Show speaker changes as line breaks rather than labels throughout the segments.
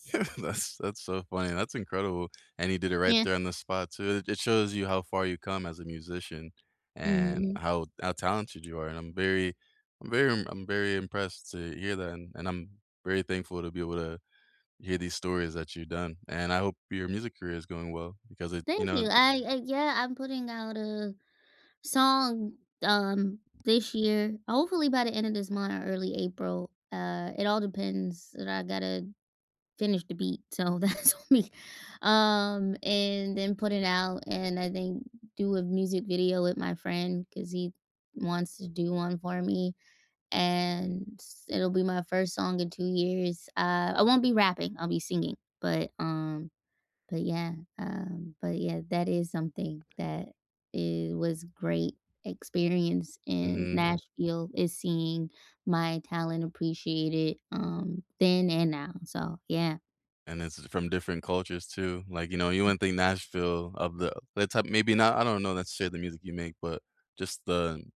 That's that's so funny, that's incredible, and he did it right
Yeah.
there on the spot too. It shows you how far you come as a musician and
Mhm.
how how talented you are, and I'm very I'm very I'm I'm very impressed to hear that, and and I'm very thankful to be able to hear these stories that you've done, and I hope your music career is going well, because it you
Thank
know,
you,
an
I I yeah, I'm putting out a song, um, this year, hopefully, by the end of this month or early April, uh, it all depends that I gotta finish the beat, so, that's on me, um, and then put it out, and I think do a music video with my friend, 'cause he wants to do one for me, and it'll be my 1st song in 2 years, uh, I won't be rapping, I'll be singing, but, um, but, yeah, um, but yeah, that is something that it was great experience in
Mhm.
Nashville is seeing my talent appreciated, um, then and now, so, yeah.
And this is from different cultures too, like, you know, you wouldn't think Nashville of the that's how maybe not I don't know not to share the music you make, but just the n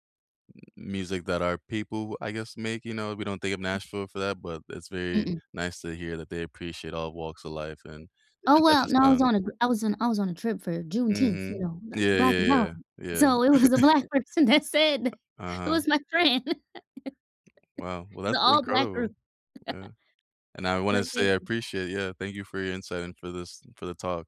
mu music that our people, I guess, make, you know, we don't think of Nashville for that, but it's very
Mm-mm.
nice to hear that they appreciate all walks of life and
Oh,
different types
well,
of
no, I was
sounds.
on a I was on I was on a trip for Juneteenth, you
Mhm.
know, "the
Yeah,
black
yeah, yeah,
empowerment,"
yeah.
so, it was a black person that said th
U
it
uh-huh.
was my friend!
Wow. Well,
It's an
that's
all-black
incredible.
group.
Yeah, and I wanna
But,
say
thank
I
you.
appreciate Yeah, thank you for your insight and for this for the talk.